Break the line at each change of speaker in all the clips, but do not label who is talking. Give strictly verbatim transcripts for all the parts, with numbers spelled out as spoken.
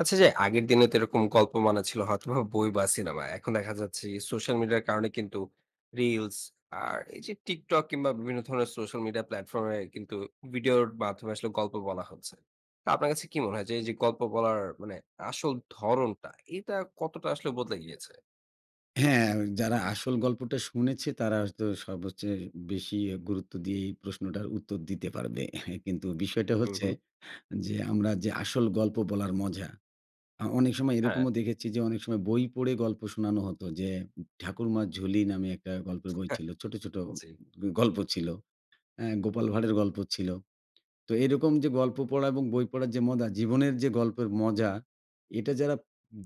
আচ্ছা যে, আগের দিনে তো এরকম গল্প মানে ছিল হয়তোবা বই বা সিনেমা। এখন দেখা যাচ্ছে কি, সোশ্যাল মিডিয়ার কারণে কিন্তু রিলস আর এই যে, TikTok কিংবা বিভিন্ন ধরনের সোশ্যাল মিডিয়া প্ল্যাটফর্ম এ কিন্তু ভিডিওর মাধ্যমে আসলে গল্প বলা হচ্ছে। তো আপনার কাছে কি মনে হয় যে, এই যে গল্প বলার মানে আসল ধরণটা, এটা কতটা আসলে বদলে গিয়েছে?
হ্যাঁ! যারা আসল গল্পটা শুনেছে, তারা হয়তো সবচেয়ে বেশি এ গুরুত্ব দিয়েই প্রশ্নটার উত্তর দিতে পারবে। কিন্তু বিষয়টা
হু,
হচ্ছে
হু।
যে, আমরা যে আসল গল্প বলার মজা, আ অনেক সময়
হ্যাঁ।
এরকমও দেখেছি যে অনেক সময় বই পড়ে গল্প শোনানো হতো যে, 'ঠাকুরমা ঝুলি' নামে একটা গল্পের বই ছিল। ছোটো, ছোটো
জি।
গ গল্প ছিল। অ্যা 'গোপাল ভাঁড়ের' গল্প ছিলো। তো এরকম যে, গল্প পড়া এবং বই পড়ার যে মজা, জীবনের যে গল্পের মজা, এটা যারা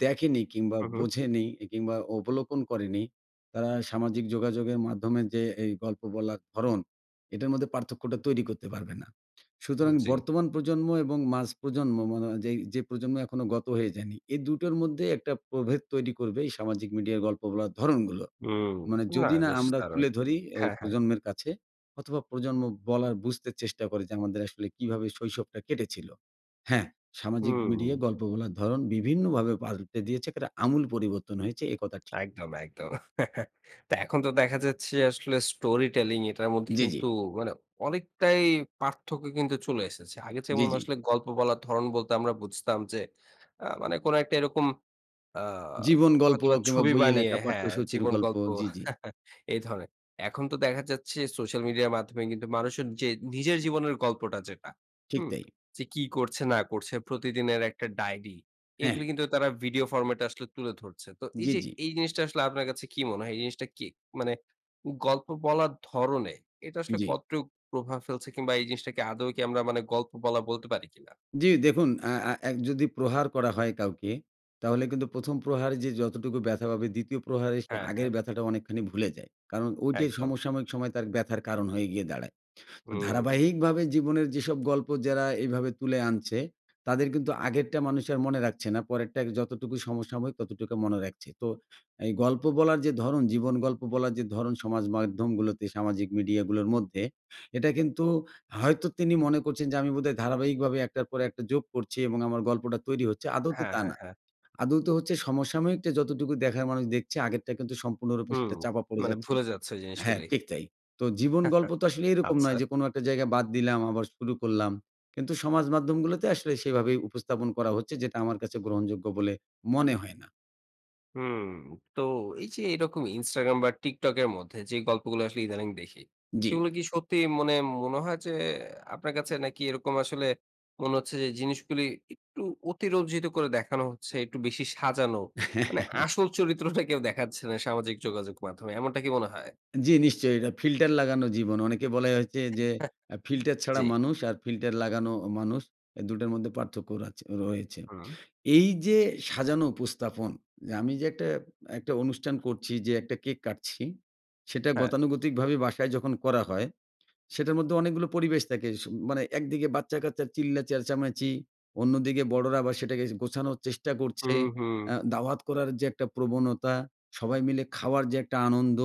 দেখেনি কিংবা
হু, হু।
বোঝেনি কিংবা অবলোকন করেনি। তারা সামাজিক যোগাযোগের মাধ্যমে যে, এই গল্প বলার ধরন এটার মধ্যে পার্থক্যটা তৈরি করতে পারবে না। সুতরাং
হুম, জি।
বর্তমান প্রজন্ম এবং মাঝপ্রজন্ম ম মনো যেই, যে প্রজন্ম এখনও গত হয়ে যায়নি। এই দু টোর মধ্যে একটা প্রভেদ তৈরি করবে এই সামাজিক মিডিয়ার গল্প বলার ধরনগুলো।
হুম।
মানে
না
যদি না
বেশ
আমরা
দারুন।
তুলে ধরি এই
হ্যাঁ, হ্যাঁ।
প্রজন্মের কাছে অথবা প্রজন্ম বলার, বুঝতে চেষ্টা করে যে আমাদের আসলে কিভাবে শৈশবটা কেটেছিল। হ্যাঁ, সামাজিক
হুম।
মিডিয়ায় গল্প বলার ধরন বিভিন্নভাবে পাল্টে দিয়েছে, এক্কেরে আমূল পরিবর্তন হয়েছে। এ কথা ঠিক।
একদম, একদম। তো এখন তো দেখা যাচ্ছে আসলে স্টোরি টেলিং এটার মধ্যে
জি, জি।
কিন্তু মানে অনেকটাই পার্থক্য কিন্তু চলে এসেছে। আগে
জি,
যেমন
জি।
আসলে গল্প বলার ধরন বলতে আমরা বুঝতাম যে, আ মানে কোনো একটা এরকম আ
জীবন গল্প
হয়তোবা
কিংবা
ছবি
বইয়ে
বানিয়ে
লেখা
হ্যাঁ,
পাঠ্যসূচীর
জীবন
গল্প।
গল্প
জি, জি।
এই ধরনের। এখন তো দেখা যাচ্ছে, সোশ্যাল মিডিয়ার মাধ্যমে কিন্তু মানুষের যে নিজের জীবনের গল্পটা যেটা,
ঠিক
হুম?
তাই।
যে কি করছে না করছে প্রতিদিনের একটা ডায়রি।
হ্যাঁ।
এগুলো কিন্তু তারা ভিডিও ফরমেট এ আসলে তুলে ধরছে। তো এই
জি,
যে,
জি।
এই জিনিসটা আসলে আপনার কাছে কি মনে হয়? এই জিনিসটা কি? মানে গল্প বলার ধরনে এটা আসলে
জি।
কতটুক প্রভাব ফেলছে? কিংবা এই জিনিসটাকে আদৌ কি আমরা মানে গল্প বলা বলতে পারি কি না?
জি। দেখুন, আ আ এক যদি প্রহার করা হয় কাউকে, তাহলে কিন্তু প্রথম প্রহারে যে যতটুকু ব্যথা পাবে, দ্বিতীয় প্রহারে সে
হ্যাঁ,
আগের
হ্যাঁ।
ব্যথাটা অনেকখানি ভুলে যায়। কারণ ঐটে
একদম।
সমসাময়িক সময় তার ব্যথার কারণ হয়ে গিয়ে দাঁড়ায়। তো
হুম।
ধারাবাহিকভাবে জীবনের যেসব গল্প যারা এইভাবে তুলে আনছে, তাদের কিন্তু আগেরটা মানুষ আর মনে রাখছে না। পরেরটা যতটুকু সমসাময়িক ততটুকু মনে রাখছে। তো এই গল্প বলার যে ধরন, জীবন গল্প বলার যে ধরন সমাজ মাধ্যমগুলোতে, সামাজিক মিডিয়াগুলোর মধ্যে, এটা কিন্তু হয়তো তিনি মনে করছেন যে আমি বোধহয় ধারাবাহিকভাবে এক টার পর একটা যোগ করছি এবং আমার গল্পটা তৈরি হচ্ছে। আদৌতে
হ্যাঁ,
তা
হ্যাঁ,
না।
হ্যাঁ।
আদৌতে হচ্ছে সমসাময়িকটা যতটুকু দেখার মানুষ দেখছে, আগেরটা কিন্তু সম্পূর্ণরূপে
হুম।
সেটা চাপা পড়ে
মানে
যাচ্ছে
ভুলে যাচ্ছে
হ্যাঁ,
জিনিসগুলি।
ঠিক তাই। তো জীবন গল্প তো আসলে এরকম নয়
আচ্ছা।
যে কোন একটা জায়গায় বাদ দিলাম আবার শুরু করলাম। কিন্তু সমাজ মাধ্যমগুলোতে আসলে সেভাবেই উপস্থাপন করা হচ্ছে, যেটা আমার কাছে গ্রহণযোগ্য বলে মনে হয় না।
হুম। তো এই যে এরকম Instagram বা TikTok এ মধ্যে যে গল্পগুলো আসলে ইদানিং দেখি।
জি।
সেগুলো কি সত্যি মনে, মনে হয় যে আপনার কাছে? নাকি এরকম আসলে মনে হচ্ছে যে জিনিসগুলো একটু অতিরঞ্জিত করে দেখানো হচ্ছে, একটু বেশি সাজানো মানে আসল চরিত্রটা কেউ দেখাচ্ছে না সামাজিক যোগাযোগ মাধ্যমে, এমনটা কি মনে হয়?
জি, নিশ্চয়ই এটা ফিল্টার লাগানো জীবন, অনেকে বলে হচ্ছে যে
হ্যাঁ,
আ ফিল্টার ছাড়া
জি।
মানুষ আর ফিল্টার লাগানো অ মানুষ এ দুই টার মধ্যে পার্থক্য রাচে রয়েছে।
হুম।
এই যে সাজানো উপস্থাপন, যে আমি যে একটা, একটা অনুষ্ঠান করছি যে একটা কেক কাটছি সেটা
হ্যাঁ।
গতানুগতিকভাবে বাসায় যখন করা হয়, সেটার মধ্যে অনেকগুলো পরিবেশ থাকে, সু মানে একদিকে বাচ্চা-কাচ্চা চিল্লা চেঁচামেচি, অন্যদিকে বড়োরা আবার সেটাকে গোছানোর চেষ্টা করছে,
হুম, হুম।
অ্যা দাওয়াত করার যে একটা প্রবণতা, সবাই মিলে খাওয়ার যে একটা আনন্দ,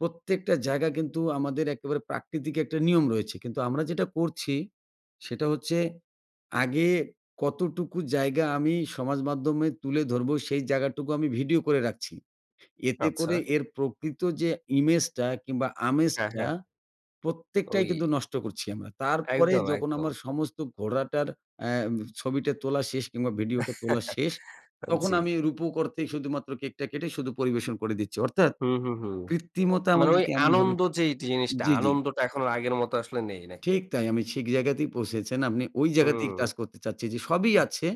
প্রত্যেকটা জায়গা কিন্তু আমাদের একেবারে প্রাকৃতিক একটা নিয়ম রয়েছে, কিন্তু আমরা যেটা করছি সেটা হচ্ছে আগে কতটুকু জায়গা আমি সমাজ মাধ্যমে তুলে ধরবো সেই জায়গাটুকু আমি ভিডিও করে রাখছি। এতে করে
আচ্ছা।
এর প্রকৃত যে ইমেজটা কিংবা
হ্যাঁ,
আমেজটা
হ্যাঁ। ঐ
প্রত্যেকটাই কিন্তু নষ্ট করছি আমরা। তারপরে
একদম,
যখন আমার
একদম।
সমস্ত ঘোড়াটার অ্যাম ছবিটা তোলা শেষ কিংবা ভিডিওটা তোলা শেষ,
আন
তখন আমি
জি।
রুপক অর্থেই শুধুমাত্র কেকটা কেটে শুধু পরিবেশন করে দিচ্ছি। অর্থাৎ,
হুম, হুম, হুম।
কৃত্রিমতা
মানে ঐ
আমাদেরকে এমনভাবে
আনন্দ যেই জিনিসটা,
জি, জি।
আনন্দটা এখন আর আগের মত আসলে নেই, নাকি?
ঠিক তাই আমি সিক জায়গাতেই পৌঁছেছেন। আপনি ওই জায়গাতেই
হুম।
টাচ করতে চাচ্ছি, যে সবই আছে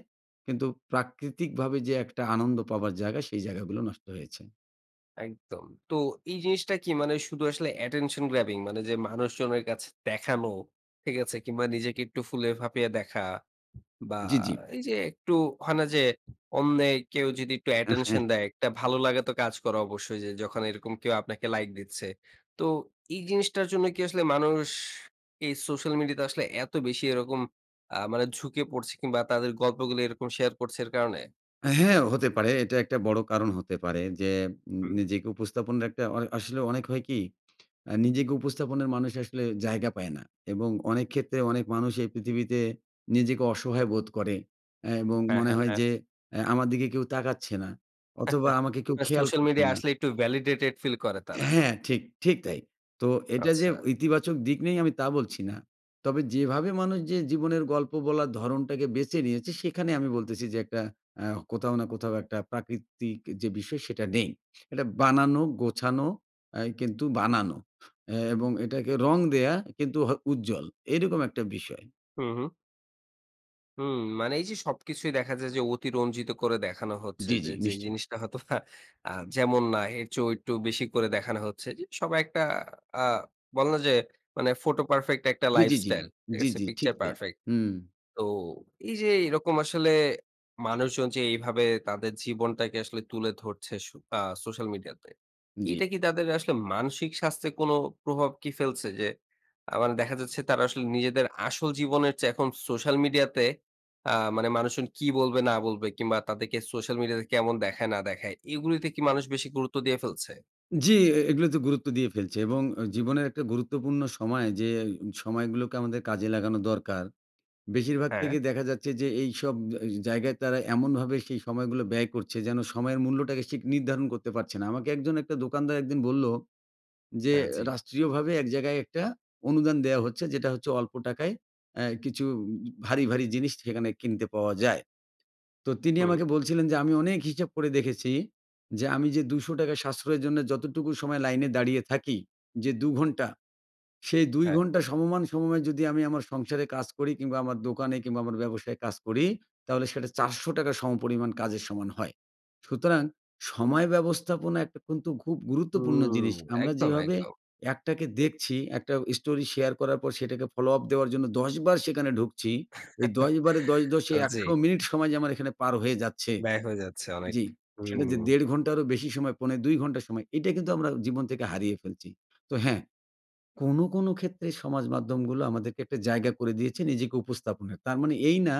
কিন্তু প্রাকৃতিকভাবে যে একটা আনন্দ পাবার জায়গা সেই জায়গাগুলো নষ্ট হয়েছে।
একদম। তো এই জিনিসটা কি, মানে ওই শুধু আসলে অ্যাটেনশন গ্রাবিং, মানে যে মানুষজনের কাছে দেখানো, ঠিক আছে? কিংবা নিজেকে একটু ফুলে-ফাঁপিয়ে দেখা বা
জি, জি।
এই যে একটু হয় না? যে অন্যে কেউ যদি একটু অ্যাটেনশন দেয়। একটা ভালো লাগে তো কাজ করা অবশ্যই, যে যখন এরকম কেউ আপনাকে লাইক দিচ্ছে। তো এই জিনিসটার জন্য কি আসলে মানুষ, এই সোশ্যাল মিডিয়া তে আসলে এত বেশি এরকম, আ মানে ঝুঁকে পড়ছে, কিংবা তাদের গল্পগুলো এরকম শেয়ার করছে এর কারণে?
হ্যাঁ, হতে পারে। এটা একটা বড়ো কারণ হতে পারে যে, উম উম
হুম।
নিজেকে উপস্থাপন রাখতে অ আসলে অনেক হয় কি? আ নিজেকে উপস্থাপনের মানুষ আসলে জায়গা পায় না এবং অনেক ক্ষেত্রে অনেক মানুষ এই পৃথিবীতে নিজেকে অসহায় বোধ করে, অ্যা এবং
হ্যাঁ,
মনে
হ্যাঁ,
হয়
হ্যাঁ।
যে, অ্যা আমার দিকে কেউ তাকাচ্ছে না, অথবা আমাকে কেউ
এ
খেয়াল
সোশ্যাল
করছে
মিডিয়ায়
না।
আসলে একটু Validated Feel করে তারা।
হ্যাঁ, ঠিক, ঠিক তাই। তো এটা যে
আচ্ছা।
ইতিবাচক দিক নেই আমি তা বলছি না। তবে যেভাবে মানুষ যে জীবনের গল্প বলার ধরনটাকে বেঁচে নিয়েছে, সেখানে আমি বলতেছি যে, একটা আ কোথাও না কোথাও একটা প্রাকৃতিক যে বিষয়, সেটা নেই। এটা বানানো, গোছানো অ্যা কিন্তু বানানো। অ্যা এবং এটাকে রঙ দেওয়া কিন্তু হ উজ্জ্বল, এরকম একটা বিষয়।
হুম, হুম। হুম মানে এই যে সবকিছুই দেখা যায় যে অতি রঞ্জিত করে দেখানো হচ্ছে।
জি,
যে
জি
যেই
নিশ্চয়ই।
জিনিসটা হয়তো আ যেমন না এর চেয়েও একটু বেশি করে দেখানো হচ্ছে। যে সবাই একটা আ বলেনা যে মানে ফটো পারফেক্ট একটা
জি, জি, জি।
লাইফস্টাইল, ঠিক
জি,
আছে?
জি। ঠিক
পিকচার
তাই।
পারফেক
হুম।
তো এই যে এরকম আসলে মানুষজন যে এইভাবে তাদের জীবনটাকে আসলে তুলে ধরছে সো আ সোশ্যাল মিডিয়াতে।
জি।
এটা কি তাদের আসলে মানসিক স্বাস্থ্যের কোন প্রভাব কি ফেলছে? যে আ মানে দেখা যাচ্ছে তারা আসলে নিজেদের আসল জীবনের চেয়ে, এখন সোশ্যাল মিডিয়া তে আ মানে মানুষজন কি বলবে, না বলবে, কিংবা তাদেরকে সোশ্যাল মিডিয়া তে কেমন দেখায় না দেখায়? এগুলোতে কি মানুষ বেশি গুরুত্ব দিয়ে ফেলছে?
জি এ এগুলো তে গুরুত্ব দিয়ে ফেলছে এবং অ জীবনের একটা গুরুত্বপূর্ণ সময় যে উম সময় গুলোকে আমাদের কাজে লাগানো দরকার, বেশিরভাগ
হ্যাঁ।
থেকে দেখা যাচ্ছে যে এইসব আজ জায়গায় তারা এমনভাবে সেই সময়গুলো ব্যয় করছে, যেন সময়ের মূল্যটাকে শিক নির্ধারণ করতে পারছে না। আমাকে একজন, একটা দোকানদার একদিন বললো যে,
হ্যাঁ, জি।
রাষ্ট্রীয়ভাবে এক জায়গায়, একটা অনুদান দেওয়া হচ্ছে যেটা হচ্ছে, অল্প টাকায় অ্যা কিছু উম ভারি, ভারি জিনিস সেখানে কিনতে পাওয়া যায়। তো তিনি
হুম।
আমাকে বলছিলেন যে, "আমি অনেক হিসেব করে দেখেছি যে, আমি যে দুইশো টাকা সাশ্রয়ের জন্য, যতটুকু সময় লাইনে দাঁড়িয়ে থাকি যে, দু ঘণ্টা, সেই দুই
হ্যাঁ।
ঘন্টা সমমান সময়ে যদি আমি আমার সংসারে কাজ করি, কিংবা আমার দোকানে কিংবা আমার ব্যবসায়ে কাজ করি, তাহলে সেটা চারশো টাকা সমপরিমাণ কাজের সমান হয়।" সুতরাং সময় ব্যবস্থাপনা একটা কিন্তু খুব গুরুত্বপূর্ণ
হুম।
জিনিস। আমরা
একদম,
যেভাবে
একদম।
একটাকে দেখছি, একটা স্টোরি শেয়ার করার পর, সেটাকে ফলো আপ দেওয়ার জন্য দশ বার সেখানে ঢুকছি, এই দশ বারে দশ, দশ এ
আর জি।
একশো মিনিট সময় যে আমার এখানে পার হয়ে যাচ্ছে
ব্যাক হয়ে যাচ্ছে অনেক,
জি। সেটা
হুম।
যে দেড় ঘন্টারও বেশি সময়, পৌনে দুই ঘন্টা সময়, এটা কিন্তু আমরা জীবন থেকে হারিয়ে ফেলছি। তো হ্যাঁ, কোনো, কোনো ক্ষেত্রে সমাজ মাধ্যমগুলো আমাদেরকে একটা জায়গা করে দিয়েছে, নিজেকে উপস্থাপনের। তার মানে এই না,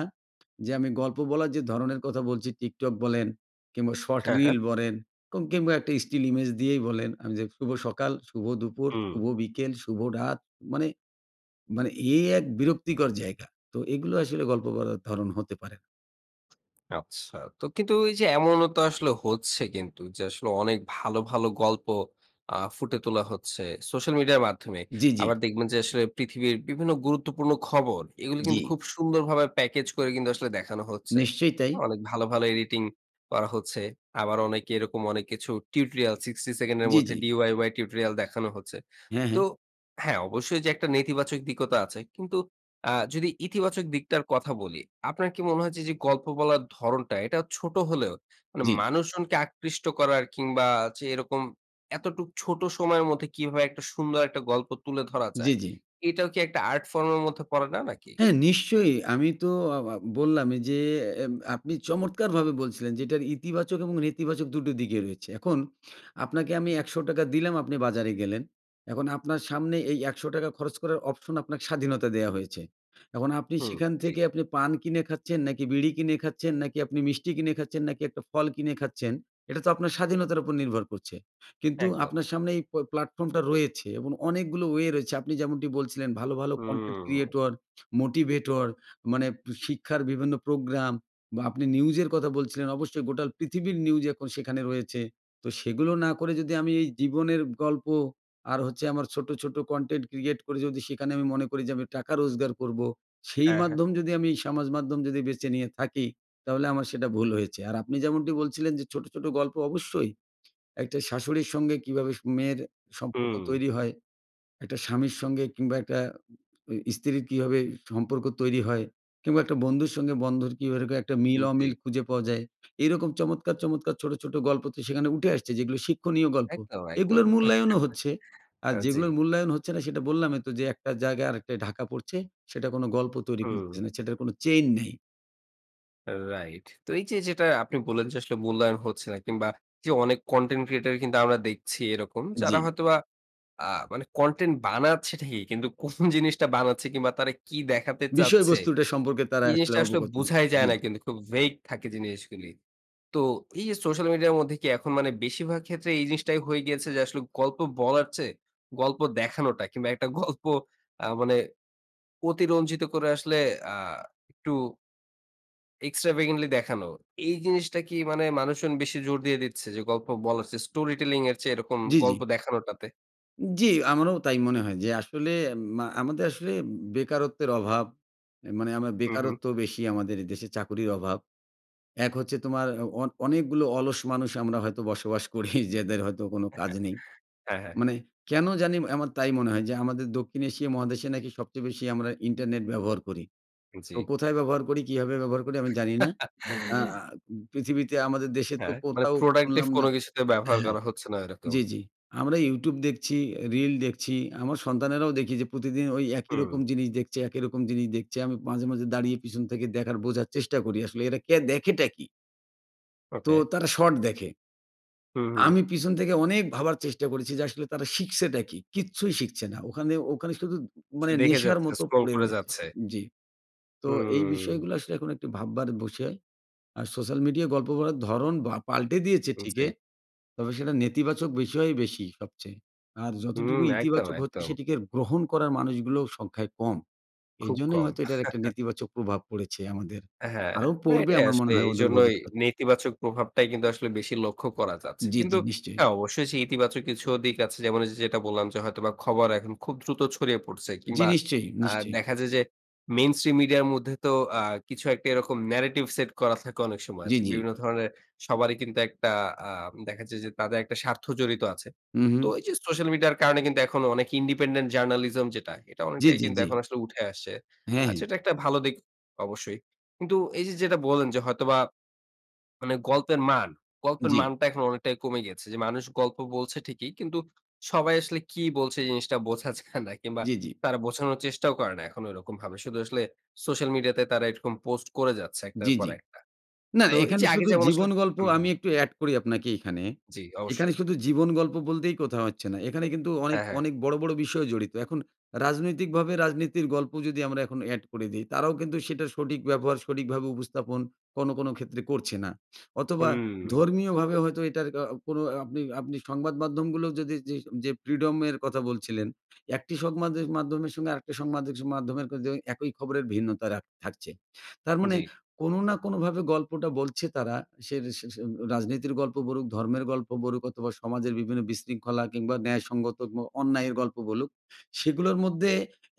যে আমি গল্প বলার যে ধরনের কথা বলছি, TikTok বলেন কিংবা শর্ট
হ্যাঁ, হ্যাঁ।
রিল বরেন কো কিংবা একটা স্টিল ইমেজ দিয়েই বলেন আমি যে শুভ সকাল, শুভ দুপুর,
হুম।
শুভ বিকেল, শুভ রাত, মানে মানে এই এক বিরক্তিকর জায়গা। তো এগুলো আসলে গল্প বলার ধরন হতে পারে না।
আচ্ছা। তো কিন্তু ঐ যে এমনও তো আসলে হচ্ছে কিন্তু যে, আসলে অনেক ভালো, ভালো গল্প আ ফুটে তোলা হচ্ছে, সোশ্যাল মিডিয়ার মাধ্যমে।
জি, জি।
আবার দেখবেন যে, আসলে পৃথিবীর বিভিন্ন গুরুত্বপূর্ণ খবর, এগুলি
জি।
কিন্তু খুব সুন্দরভাবে প্যাকেজ করে কিন্তু আসলে দেখানো হচ্ছে।
নিশ্চয়ই তাই।
অনেক ভালো, ভালো এডিটিং করা হচ্ছে। আবার অনেকে এরকম অনেক কিছু টিউটোরিয়াল সিক্সটি সেকেন্ড এর
জি,
মধ্যে
জি।
DIY টিউটোরিয়াল দেখানো হচ্ছে।
হ্যাঁ, হ্যাঁ।
তো হ্যাঁ, অবশ্যই, যে একটা নেতিবাচক দিকও তো আছে। কিন্তু আ যদি ইতিবাচক দিকটার কথা বলি, আপনার কি মনে হয় যে, এইযে গল্প বলার ধরণটা, এটা ছোট হলেও মানে,
জি।
মানুষজনকে আকৃষ্ট করার কিংবা যে এরকম এতটুক ছোট সময়ের মধ্যে কিভাবে একটা সুন্দর একটা গল্প তুলে ধরা
জি,
যায়,
জি।
এটাও কি একটা আর্ট ফর্ম এর মধ্যে পড়ে না, নাকি?
হ্যাঁ, নিশ্চয়ই আমি তো আ আ বললাম এই যে, এব আপনি চমৎকারভাবে বলছিলেন যে, এইটার ইতিবাচক এবং নেতিবাচক দুটো দিকই রয়েছে। এখন আপনাকে আমি একশো টাকা দিলাম, আপনি বাজারে গেলেন। এখন আপনার সামনে এই একশো টাকা খরচ করার অপশন আপনাকে স্বাধীনতা দেওয়া হয়েছে। এখন আপনি
হুম,
সেখান
জি।
থেকে আপনি পান কিনে খাচ্ছেন, নাকি বিড়ি কিনে খাচ্ছেন, নাকি আপনি মিষ্টি কিনে খাচ্ছেন, নাকি একটা ফল কিনে খাচ্ছেন, এটা তো আপনার স্বাধীনতার উপর নির্ভর করছে। কিন্তু
একদম।
আপনার সামনে এই প প্ল্যাটফর্মটা রয়েছে এবং অনেকগুলো ওয়ে রয়েছে। আপনি যেমনটি বলছিলেন ভালো, ভালো কন্টেন্ট
হুম।
ক্রিয়েটর, মোটিভেটর, মানে শিক্ষার বিভিন্ন প্রোগ্রাম বা আপনি নিউজের কথা বলছিলেন, অবশ্যই গোটা পৃথিবীর নিউজই এখন সেখানে রয়েছে। তো সেগুলো না করে যদি আমি এই জীবনের গল্প আর হচ্ছে আমার ছোটো, ছোটো কন্টেন্ট ক্রিয়েট করে যদি সেখানে আমি মনে করি যে, আমি টাকা রোজগার করবো, সেই
হ্যাঁ, হ্যাঁ।
মাধ্যম যদি আমি সামাজ মাধ্যম যদি বেছে নিয়ে থাকি, তাহলে আমার সেটা ভুল হয়েছে। আর আপনি যেমনটি বলছিলেন যে ছোটো, ছোটো গল্প অবশ্যই একটা শাশুড়ির সঙ্গে কীভাবে মেয়ের সম্পর্ক
হুম।
তৈরি হয়, একটা স্বামীর সঙ্গে কিংবা একটা ঐ স্ত্রীর কীভাবে সম্পর্ক তৈরি হয় কিংবা একটা বন্ধুর সঙ্গে বন্ধুর কীভাবে একটা
হুম জি।
মিল-অমিল খুঁজে পাওয়া যায়, এইরকম চমৎকার, চমৎকার ছোটো, ছোটো গল্প তো সেখানে উঠে আসছে, যেগুলো শিক্ষণীয় গল্প।
একদম,
এগুলোর
একদম
মূল্যায়নও হচ্ছে। আর
আ জি।
যেগুলোর মূল্যায়ন হচ্ছে না, সেটা বললামই তো যে, একটা জায়গায় আরেকটায় ঢাকা পড়ছে, সেটা কোনো গল্প তৈরি করছে
হুম।
না, সেটার কোনো চেইন নেই।
রাইট। তো এই যে যেটা আপনি বললেন যে আসলে মূল্যায়ন হচ্ছে না, কিংবা যে অনেক কনটেন্ট ক্রিয়েটর কিন্তু আমরা দেখছি এরকম। যারা
জি।
হয়তোবা আ মানে কনটেন্ট বানাচ্ছে ঠিকি, কিন্তু কোন জিনিসটা বানাচ্ছে কিংবা তারা কি দেখাতে চাচ্ছে।
বিষয়বস্তুটা সম্পর্কে তারা
এই
আসলে
জিনিসটা আসলে
অবগত না।
বোঝাই যায়
জি,
না
জি।
কিন্তু খুব vaid থাকে জিনিসগুলি। তো, এই যে সোশ্যাল মিডিয়ার মধ্যে কি এখন মানে বেশিভাগ ক্ষেত্রে এই জিনিসটাই হয়ে গিয়েছে যে, আসলে গল্প বলার চেয়ে, গল্প দেখানোটা কিংবা একটা গল্প আ মানে অতিরঞ্জিত করে আসলে আ একটু extravagantly দেখানো। এই জিনিসটা কি মানে মানুষজন বেশি জোর দিয়ে দিচ্ছে যে গল্প বলার চেয়ে Story Telling এর চেয়ে এরকম
জি, জি।
গল্প দেখানোটাতে?
জি, আমারও তাই মনে হয় যে, আসলে মা আমাদের আসলে বেকারত্বের অভাব অ্যা মানে আমারা
হুম, হুম।
বেকারত্ব বেশি আমাদের দেশে চাকুরির অভাব। এক হচ্ছে তোমার অ অ অনেকগুলো অলস মানুষ আমরা হয়তো বসবাস করি যেদের হয়তো কোনো কাজ নেই।
হ্যাঁ, হ্যাঁ।
মানে, কেন জানি এম আমার তাই মনে হয় যে আমাদের দক্ষিণ এশিয়া মহাদেশে নাকি সবচেয়ে বেশি আমরা ইন্টারনেট ব্যবহার করি। তো,
জি।
কোথায় ব্যবহার করি? কীভাবে ব্যবহার করি? আমি জানি না। আ আ পৃথিবীতে আমাদের দেশের তো
হ্যাঁ, মানে
কোথাও
প্রোডাক্টিভ
শুনলাম
কোন
না
কিছুতে ব্যবহার
হ্যাঁ।
করা হচ্ছে না এরকম।
জ্বি, জ্বি। আমরা YouTube দেখছি, অ্যা রিল দেখছি, আমার সন্তানেরাও দেখি যে প্রতিদিন ওই একই রকম
হুম।
জিনিস দেখছে, একই রকম জিনিস দেখছি। আমি মাঝে, মাঝে দাঁড়িয়ে পিছন থেকে দেখার বোঝার চেষ্টা করি আসলে এরা কে দেখেটা কী? তো
ওকে।
তারা শট দেখে।
হুম, হুম।
আমি পিছন থেকে অনেক ভাবার চেষ্টা করেছি যে আসলে তারা শিখছেটা কী? কিচ্ছুই শিখছে না ওখানে, ওখানে শুধু
সে
মানে
দেখে
নেশার
যাচ্ছে,
মতো
স্ক্রল
পড়ে
করে
রয়েছে
যাচ্ছে।
জি। তো এই
হুম।
বিষয়গুলো আসলে এখন একটু ভাববার বুষয়। আর সোশ্যাল মিডিয়ায় গল্প করার ধরন বা পাল্টে দিয়েছে
উম
ঠিকে,
জি।
তবে সেটা নেতিবাচক বিষয় বেশি সবচেয়ে। আর,
হুম।
যতটুকু
একদম,
ইতিবাচক হচ্ছে
একদম।
সেটিকে গ্রহণ করার মানুষগুলোও সংখ্যায় কম।
খুব
এইজন্যই
কম।
হয়তো এটার একটা নেতিবাচক প্রভাব পড়েছে আমাদের।
হ্যাঁ,
আরও
না
পড়বে
এটাই
আমার মনে
আসলেই
হয় অদূর
এইজন্যই
ভবিষ্যতে।
নেতিবাচক প্রভাবটাই কিন্তু আসলে বেশি লক্ষ্য করা যাচ্ছে।
জি,
কিন্তু
জি নিশ্চয়ই।
হ্যাঁ অবশ্যই সেই ইতিবাচক কিছুও দিক আছে। যেমন, ওইযে যেটা বললাম যে হয়তোবা খবর এখন খুব দ্রুত ছড়িয়ে পড়ছে।
জি।
কিংবা
নিশ্চয়ই,
আ
নিশ্চয়ই।
দেখা যায় যে মেইনস্ট্রিম মিডিয়ার মধ্যে তো আ কিছু একটা এরকম narrative সেট করা থাকে অনেক সময়
জি,
যে,
জি।
বিভিন্ন ধরনের সবারই কিন্তু একটা আম দেখা যায় যে তাদের একটা স্বার্থ জড়িত আছে।
হুম,
তো
হুম।
এই যে সোশ্যাল মিডিয়ার কারণে কিন্তু এখন অনেকে ইন্ডিপেন্ডেন্ট জার্নালিজম যেটা, এটা
জি,
অনেকটাই
জি,
কিন্তু
জি।
এখন আসলে উঠে আসছে।
হ্যাঁ,
আ
হ্যাঁ।
যেটা একটা একটা ভালো দিক অবশ্যই। কিন্তু এই যে যেটা বললেন যে হয়তোবা মানে গল্পের মান, গল্পের
জি।
মানটা এখন অনেকটাই কমে গিয়েছে। যে মানুষ গল্প বলছে ঠিকই। কিন্তু সবাই আসলে কী বলছে জিনিসটা বোঝা যায় না কিংবা
জি, জি।
তারা বোঝানোর চেষ্টাও করে না এখন ওইরকম ভাবে। শুধু আসলে সোশ্যাল মিডিয়া তে তারা এরকম পোস্ট করে যাচ্ছে এক টার
জি,
পর
জি।
একটা।
না,
তো এই
এখানে
যে আগে
শুধু
যেমন আসলে
জীবন গল্প
হুম,
আমি
হুম।
একটু এড করি আপনাকে এইখানে।
জি,
এখানে
অবশ্যই।
শুধু জীবন গল্প বলতেই কোথাও হচ্ছে না। এখানে কিন্তু অনেক,
হ্যাঁ, হ্যাঁ।
অনেক বড়ো, বড়ো বিষয় জড়িত। এখন রাজনৈতিকভাবে রাজনীতির গল্প যদি আমরা এখন অ্যাড করে দিই, তারাও কিন্তু সেটার সঠিক ব্যবহার, সঠিকভাবে উপস্থাপন কোনো, কোনো ক্ষেত্রে করছে না। অথবা
হুম।
ধর্মীয়ভাবে হয়তো এটার আ কোনো আপনি, আপনি সংবাদ মাধ্যমগুলো যদি যেই যে ফ্রিডমের কথা বলছিলেন। এক টি সংমাদের মাধ্যমের সঙ্গে আরেকটি সংমাদের মাধ্যমের কিন্তু একই খবরের ভিন্নতা রাখ থাকছে। তার মানে
জি।
কোনো না কোনোভাবে গল্পটা বলছে তারা। সের সে সে রাজনীতির গল্প বরুক, ধর্মের গল্প বরুক অথবা সমাজের বিভিন্ন বিশৃঙ্খলা কিংবা ন্যায়সঙ্গত গ অন্যায়ের গল্প বলুক, সেগুলোর মধ্যে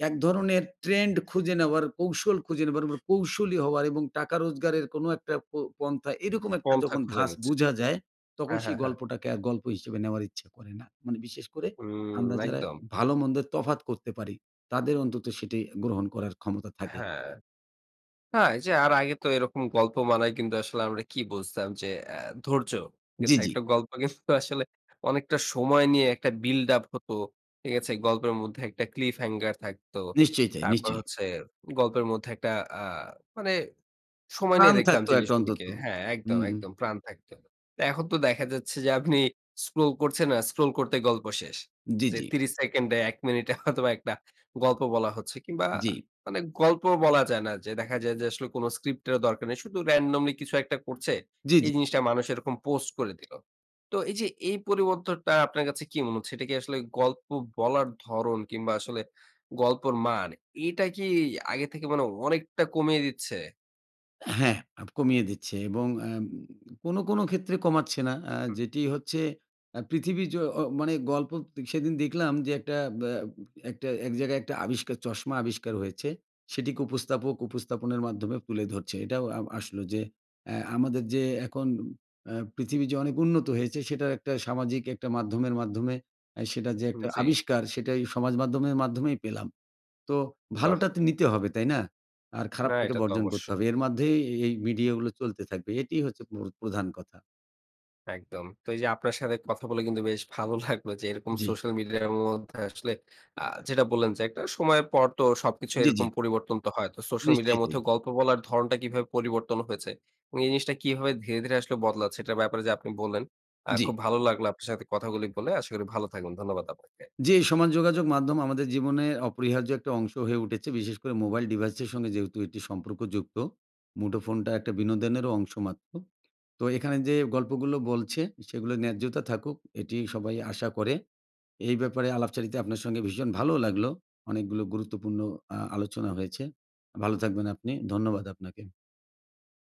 এক ধরনের ট্রেন্ড খুঁজে নেওয়ার, কৌশল খুঁজে নেওয়ার ম কৌশলী হওয়ার এবং টাকা রোজগারের কোনো একটা প পন্থা এরকম একটা
পন্থা
যখন
খুঁজে
ধাছ
নিচ্ছে।
বোঝা যায়, তখন
হ্যাঁ,
সেই
হ্যাঁ, হ্যাঁ।
গল্পটাকে আর গল্প হিসেবে নেওয়ার ইচ্ছা করে না। মানে বিশেষ করে
হুম,
আমরা যারা
একদম।
ভালোমন্দের তফাৎ করতে পারি, তাদের অন্তত সেটি গ্রহণ করার ক্ষমতা থাকে।
হ্যাঁ। হ্যাঁ, এইযে আর আগে তো এরকম গল্প বানায়ে কিন্তু আসলে আমরা কি বুঝতাম যে এ ধৈর্য, ঠিক
জি,
আছে
জি।
একটা গল্প কিন্তু আসলে অনেকটা সময় নিয়ে একটা বিল্ড আপ হতো। ঠিক আছে? গল্পের মধ্যে একটা ক্লিপ হ্যাঙ্গার থাকতো।
নিশ্চয়ই তাই,
তারপর
নিশ্চয়ই।
হচ্ছে গল্পের মধ্যে একটা আ মানে সময় নিয়ে
প্রাণ
দেখতাম
থাকত একটা অন্তত।
জিনিসগুলিকে। হ্যাঁ একদম,
হুম, হুম।
একদম প্রাণ থাকত। তা এখন তো দেখা যাচ্ছে যে আপনি স্ক্রল করছেন আ স্ক্রল করতে গল্প শেষ।
জি,
যে
জি।
ত্রিশ সেকেন্ডে এক মিনিটে হয়তোবা একটা গল্প বলা হচ্ছে। কিংবা
জি।
মানে গল্প বলা যায় না, যে দেখা যায় যে আসলে কোন স্ক্রিপ্ট এরও দরকার নেই। শুধু randomly কিছু একটা করছে,
জি,
এই
জি।
জিনিসটা মানুষ এরকম পোস্ট করে দিলো। তো এই যে এই পরিবর্তনটা আপনার কাছে কি মনে হচ্ছে? এটা কি আসলে গল্প বলার ধরন কিংবা আসলে গল্পর মান, এটা কি আগে থেকে মানে অনেকটা কমিয়ে দিচ্ছে?
হ্যাঁ, আপ কমিয়ে দিচ্ছে এবং অ্যাম কোনো কোনো ক্ষেত্রে কমাচ্ছে না, আ
হুম।
যেটি হচ্ছে আ পৃথিবী যো ও মানে গল্প তে সেদিন দেখলাম যে, একটা ব্যা একটা এক জায়গায় একটা আবিষ্কার, চশমা আবিষ্কার হয়েছে। সেটিকে উপস্থাপক উপস্থাপনের মাধ্যমে তুলে ধরছে। এটাও আ আসলো যে, অ্যা আমাদের যে এখন অ্যা পৃথিবী যে অনেক উন্নত হয়েছে, সেটার একটা সামাজিক একটা মাধ্যমের মাধ্যমে, অ্যা সেটা যে
হুম,
একটা
জি।
আবিষ্কার, সেটাই সমাজ মাধ্যমের মাধ্যমেই পেলাম। তো
বাহ!
ভালোটা তো নিতে হবে, তাই না? আর
না,
খারাপটাকে
এটা তো
বর্জন করতে
অবশ্যই।
হবে। এর মাধ্যেই এই মিডিয়াগুলো চলতে থাকবে। এটিই হচ্ছে প্র প্রধান কথা।
একদম। তো, এই যে আপনার সাথে কথা বলে কিন্তু বেশ ভালো লাগলো যে, এরকম
জি।
সোশ্যাল মিডিয়ার মধ্যে আসলে আ যেটা বললেন যে, একটা সময়ের পর তো সবকিছু
জি, জি।
এরকম পরিবর্তন তো হয়। তো সোশ্যাল মিডিয়ার মধ্যে
নিশ্চিতই।
গল্প বলার ধরণটা কিভাবে পরিবর্তন হয়েছে এবং এই জিনিসটা কিভাবে ধীরে-ধীরে আসলে বদলাচ্ছে, এটার ব্যাপারে যে আপনি বললেন। আ
জি।
খুব ভালো লাগলো আপনার সাথে কথাগুলি বলে। আশা করি ভালো থাকবেন। ধন্যবাদ আপনাকে।
জি, সমাজ যোগাযোগ মাধ্যম আমাদের জীবনে অপরিহার্য একটা অংশ হয়ে উঠেছে। বিশেষ করে মোবাইল ডিভাইসের সঙ্গে যেহেতু এটি সম্পর্কযুক্ত। মুঠোফোনটা একটা বিনোদনেরও অংশ মাত্র। তো, এখানে যে গল্পগুলো বলছে, সেগুলা ন্যায্যতা থাকুক, এটিই সবাই আশা করে। এই ব্যাপারে আলাপচারিতায় আপনার সঙ্গে ভীষণ ভালোও লাগলো। অনেকগুলো গুরুত্বপূর্ণ আ আলোচনা হয়েছে। ভালো থাকবেন আপনি, ধন্যবাদ আপনাকে।